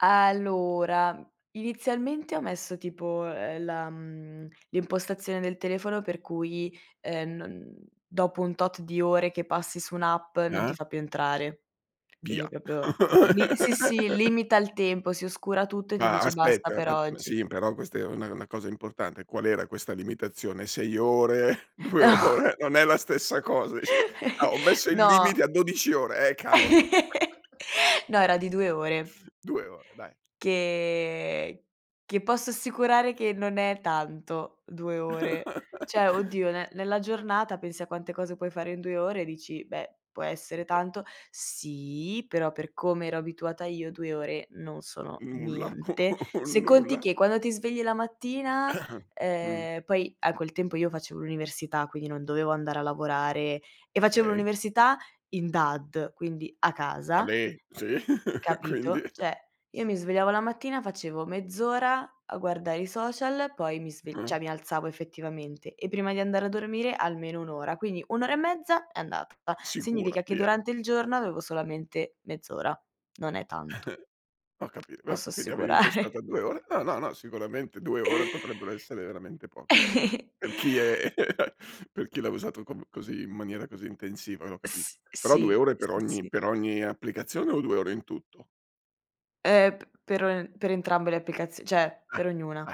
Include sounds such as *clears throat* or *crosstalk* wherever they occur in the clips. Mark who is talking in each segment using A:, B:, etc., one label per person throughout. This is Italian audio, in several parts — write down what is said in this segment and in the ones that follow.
A: Allora, inizialmente ho messo tipo, uhm, la mhmm, l'impostazione del telefono per cui, uhm, non dopo un tot di ore che passi su un'app, non ti
B: Ah.
A: fa più entrare. Quindi
B: Via.
A: è proprio, li sì, sì,
B: *laughs*
A: limita il tempo, si oscura tutto e ti
B: Ma,
A: dice: "Basta
B: aspetta,
A: per
B: mad ma
A: oggi".
B: sì, però questa è una è una cosa importante, qual era questa limitazione? 6 ore, 2
A: *chuckles*
B: ore "Non è la stessa cosa", dici. Ah, "Ho
A: *giggles*
B: messo il
A: No.
B: limite a 12 ore", eh, cavolo.
A: *laughs*
B: *chuckles*
A: No, era di 2 ore.
B: 2 ore, dai.
A: Che che posso assicurare che non è tanto, 2 ore. Cioè oddio, ne
B: *laughs*
A: nella giornata, pensi a quante cose puoi fare in 2 ore e dici: "Beh può essere
B: *unintelligible*
A: tanto". Sì, però per come ero abituata io, 2 ore non sono
B: Nulla
A: niente.
B: *chuckles* un
A: Se conti
B: nulla.
A: che, quando ti svegli la mattina
B: *clears throat* Mh.
A: ehm, poi a quel tempo io facevo l'università, quindi non dovevo andare a lavorare e facevo
B: Okay.
A: l'università, in DAD, quindi, a
B: A
A: casa
B: me? Sì, quindi
A: capito? Cioè, io mi svegliavo la mattina, facevo: mezz'ora, a guardare i social, poi mi sve
B: Mh.
A: cioè mi alzavo, effettivamente, e prima di andare a dormire almeno 1 ora, quindi 1 ora e mezza, è andata.
B: Sicura,
A: Significa che
B: via.
A: durante il giorno, avevo solamente mezz'ora. Non è tanto.
B: *chuckles* Ho capit vab
A: Posso
B: quindi avevi impostato a
A: assicurare.
B: 2 ore no, no, no, sicuramente 2 ore potrebbero essere veramente poche, eh,
A: *chuckles*
B: per chi è per chi l'ha usato com così, in maniera così intensiva, no, capisc
A: S
B: però 2
A: sì,
B: ore per
A: sì
B: ogni
A: sì.
B: per ogni applicazione, o 2 ore in tutto?
A: Eh, p per en per entrambe le applicazi cioè,
B: Ah,
A: per ognuna.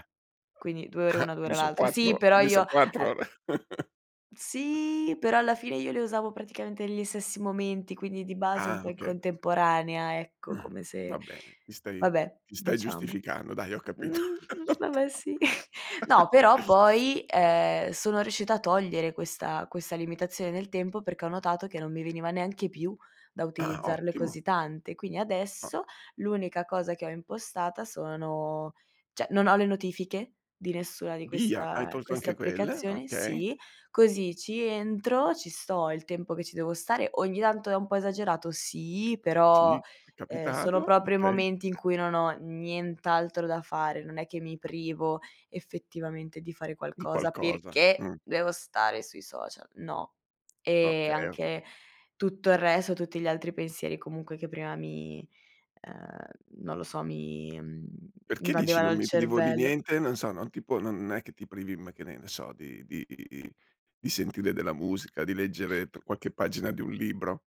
A: Quindi 2 ore
B: ah.
A: una, 2 ore
B: Quindi so'
A: l'altra. Sì,
B: 4
A: però
B: quindi
A: io
B: son 4
A: uhm
B: ore. *chuckles*
A: Sì, però alla fine io le usavo praticamente negli stessi momenti, quindi di base un
B: Ah,
A: po' in
B: okay.
A: contemporanea, ecco, come
B: Va
A: se
B: bene, ti stai
A: vabbè,
B: ti stai
A: diciamo.
B: giustificando, dai, ho
A: Mhmm,
B: capito.
A: mhmm,
B: *chuckles*
A: vabbè, sì. No, però poi, ehm, sono riuscita a togliere questa questa limitazione nel tempo, perché ho notato che non mi veniva neanche più, da
B: Ah-ah,
A: utilizzarle
B: ottimo.
A: così tante. Quindi
B: Ah
A: adesso, l'unica cosa che ho impostata sono cioè, non ho le notifiche, di nessuna di
B: Via, hai
A: questa
B: tolto
A: queste
B: anche quelle?
A: applicazioni
B: Okay.
A: sì, così ci entro, ci sto il tempo che ci devo stare ogni tanto è un po' esagerato? Sì,
B: Sì,
A: però,
B: è
A: ehm, sono
B: capitato,
A: proprio i
B: okay.
A: momenti in cui non ho nient'altro da fare. Non è che mi privo effettivamente di fare
B: Di
A: qualcosa
B: qualcosa,
A: perché
B: mh
A: devo stare sui social, no. E
B: Okay, ho capi
A: anche, tutto il resto, tutti gli altri pensieri, comunque, che prima mi uhm, non lo so, mi, mhmm,
B: Perché dici:
A: invadevano
B: "Non
A: il
B: mi privo di
A: cervello
B: niente"? Non so, non ti può non è che ti privi, mhmm, che ne ne so, di di i i i di sentire della musica, di leggere tr qualche pagina di un libro.